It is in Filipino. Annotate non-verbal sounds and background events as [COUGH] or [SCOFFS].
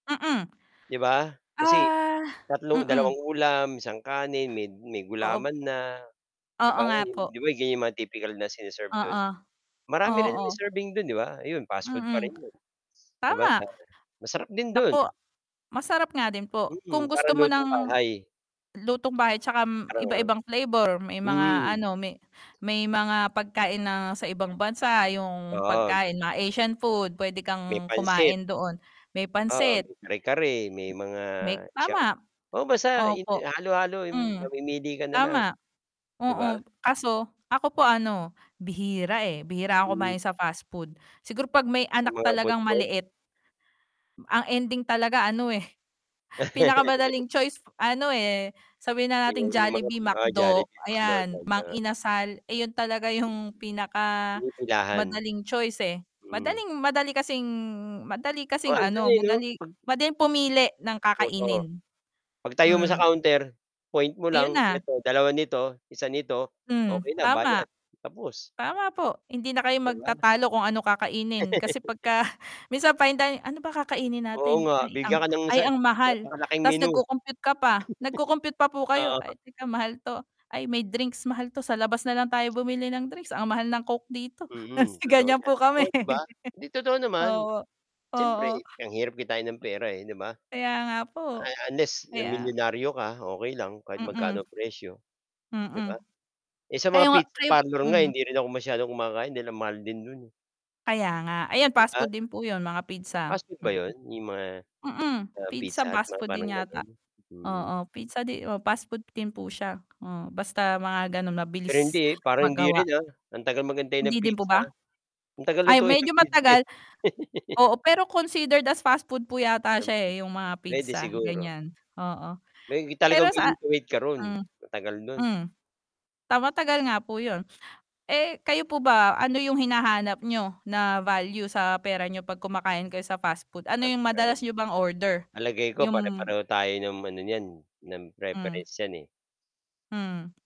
Mm. 'Di ba? Kasi Ah, 3- mm. 2 ulam, 1 kanin may may Oo p gulaman na. 'Di Oo ba, nga yu po. 'di ba, ganiyan yung mga typical na sine-serve do'n? Oo. Marami rin Oo. naman serving do'n 'di ba? Ayun fast food pa Mm. rin 'yun. [CLICKS TONGUE] 'Di ba Tama. sa masarap din do'n. Naku! Masarap nga din po, kung HMm, gusto parang mo ng, lutong-bahay. lutong-bahay 'tsaka Parang iba-ibang flavor may o mga hmm. ano, may, may mga pagkain, na sa ibang bansa yung pagkain, Oo. mga Asian food, puwede May kang pansit. kumain doon, may Oo, pansit. may kare-kare, may mga May sha tama. oo, basta 'yu Opo. halo-halo Hmm. mamimili ka na lang. Tama. 'Di ba? Oo, kaso ako po ano, bihira, eh, bihira ako Hmm. kumain sa fast food. Siguro 'pag may Sa anak mga food talagang court? maliit. Ang ending talaga ano, eh, [CHUCKLES] [CHUCKLES] pinakamadaling choice ano, eh, sabihin na Ay, nating oo yung mga Jollibee, mga McDo, Jollibee, McDonald's, ayan Mang no. Inasal, iyon talaga yung pinaka Pinipilahan. madaling choice, eh. Hmm. Madaling madali kasing, madali Oo, kasing 'ando'n na, ano, eh, 'no. madali 'Pag madaling pumili ng Totoo. kakainin. 'Pag tayo mo sa Hmm. counter, point mo Ayun lang na. "Eto, 2 nito, 1 nito." Hmm, Okey na tama. bayad, tapos. Tama po, hindi na kayo 'Di ba? magtatalo kung ano kakainin kasi [LAUGHS] pagka [SCOFFS] minsan fine dining "Ano ba kakainin Oo natin? nga, Ay ang bigyan ka ng ay isa ang mahal!" napakalaking Ta's menu. nag-co-compute ka pa, nag-co-compute pa po kayo, "Ay, [CHUCKLES] Oo. teka mahal 'to, ay may drinks mahal 'to sa labas nalang tayo bumili ng drinks, ang mahal ng Coke dito." Mm, Kasi totoo ganyan yan. po Totoo kami. 'di ba? [LAUGHS] Hindi, totoo naman. Opo. Siyempre, Oo. ang hirap kitain ng pera, eh, 'di ba? Kaya nga A po. unless Kaya milyonaryo ka, okey lang kahit Mm. magkano presyo. 'Di ba? Mm. Eh, sa Kayo mga nga pizza kayo parlor nga hmm. hindi rin ako masyadong kumakain dahil ang mahal din do'n, eh. Kaya nga, ayan fast Ah food din po 'yun mga pizza, Fast food ba mm. 'yun, yung mga, Mm, ah, pizza, Pizza Hut fast mga food din parang yata, gano'n? Hmm. oo pizza 'di fast food din po siya, oo basta mga gano'n Pero mabilis, hindi, parang hindi magawa. rin, ah, ang tagal maghintay ng Hindi din po pizza, ah. ba? Ang tagal Ay, lutuin medyo ng pizza, eh. matagal. [LAUGHS] Oo, pero considered as fast food po yata siya, [UNINTELLIGIBLE] eh, yung mga Puwede pizza siguro. ganiyan, oo. Maybe Pero talagang sa willing to wait ka ro'n, hmm. matagal do'n. Hmm. Ta matagal nga po 'yun. Eh, kayo po ba ano yung hinahanap niyo, na value sa pera niyo 'pag kumakain kayo sa fast food? Ano yung madalas [UNINTELLIGIBLE] niyo bang order? Palagay ko Yung pare-pareho tayo ng ano niyan, ng Hmm. preference niyan, eh. Hmm.